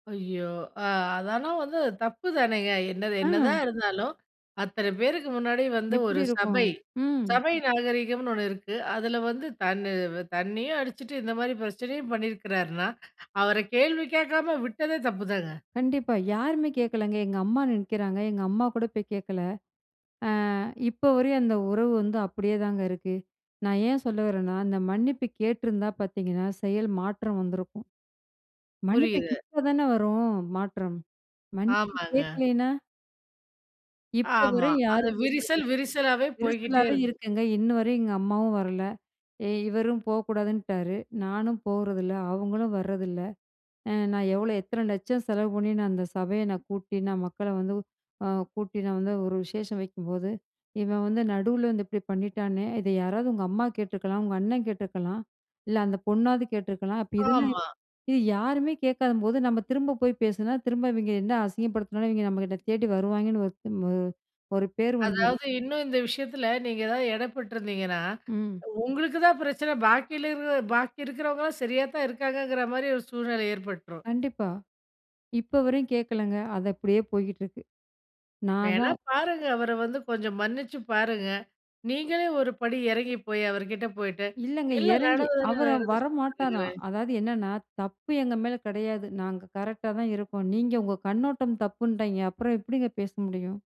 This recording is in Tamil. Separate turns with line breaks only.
ஐயோ! அ அதெல்லாம் வந்து தப்பு தானேங்க. என்னது என்னதான்
ம்.
இருந்தாலும், அத்தன பேருக்கு முன்னாடி வந்து
எப்டி
ஒரு
இருக்கும்,
சபை,
ம்.
சபை நாகரீகம்னு ஒண்ணு இருக்கு. அதில வந்து தன்ன தண்ணியும் அடிச்சுட்டு, இந்த மாரி பிரச்சனையும் பண்ணியிருக்கிறாருன்னா, அவர கேள்வி கேட்காம விட்டதே தப்புதாங்க.
கண்டிப்பா. யாருமே கேக்கலங்க. எங்க அம்மா நிக்குகிறாங்க, எங்க அம்மா கூட போய் கேட்கல. ஆ, இப்ப வரையும் அந்த உறவு வந்து அப்டியேதாங்க இருக்கு. நான் ஏன் சொல்ல வரேன்னா, அந்த மன்னிப்பு கேட்டிருந்தா பாத்தீங்கன்னா, செயல் மாற்றம் வந்திருக்கும். மன்னிப்பு
புரியுது.
கேட்ட தானே வரும் மாற்றம்? மன்னிப்பு
ஆமாங்க.
கேக்கலேனா? இப்ப
ஆமா.
வரையும்
அது
யாரும்
விரிசல்
பேசரதுல்ல,
விரிசலாவே போய்க்கிட்டே
விரிசலாவே
இருக்கு.
இருக்குங்க. இன்னு வரையும் எங்க அம்மாவும் வரல. இ இவரும் போகக்கூடாதுன்ட்டாரு, நானும் போகறதில்ல, அவுங்களும் வர்றதில்ல. அ "நான் எவ்வளோ, எத்தனை லட்சம் செலவு பண்ணி, நான் அந்த சபைய நான் கூட்டி, நான் மக்களை வந்து அ கூட்டி, நான் வந்து ஒரு விசேஷம் வைக்கும்போது, இவன் வந்து நடுவுல வந்து இப்டி பண்ணிட்டானே! இத யாராவது உங்க அம்மா கேட்டுருக்கலாம், உங்க அண்ணன் கேட்டுருக்கலாம், இல்ல அந்த பொண்ணாவது கேட்டுருக்கலாம்." அப்ப இதெல்லாம்
ஆமா.
இது யாருமே கேட்காதம்போது, நம்ம திரும்ப போய் பேசினா, திரும்ப இவிங்க என்ன அசிங்கப்படுத்தினாலும், இவிங்க நம்மகிட்ட தேடி வருவாங்கன்னு ஒருத்தம் ஒரு ஒரு பேர் வந்துரும்.
அதாவது, இன்னும் இந்த விஷயத்தில நீங்க ஏதாவது இடைப்பட்டிருந்தீங்கன்னா,
ம்.
உங்களுக்கு தான் பிரச்சன, பாக்கில இருக பாக்கி இருக்கிறவங்கலாம் சரியாத்தான் இருக்காங்கங்கிற மாரி ஒரு சூழ்நிலை ஏற்பட்டுரும்.
கண்டிப்பா. இப்ப வரையும் கேக்கலங்க. அது அப்டியே போயிட்டு இருக்கு. நான்
வேணா
தான்
பாருங்க, அவர வந்து கொஞ்சம் மன்னிச்சு பாருங்க. நீங்களே ஒருபடி இறங்கி போய், அவர் கிட்ட போயிட்டு,
இல்லங்க.
எல்லா
இறங்கி அவர
நடந்ததெல்லாம்
வர
நடந்துச்சு
மாட்டாராம்.
பாருங்களேன்.
அதாவது என்னன்னா, தப்பு எங்க மேலே கெடையாது. நாங்க கரெக்ட்டாதான் இருக்கோம். நீங்க உங்க கண்ணோட்டம் தப்புன்டிங்க. அப்பறம் எப்டிங்க பேச முடியும்?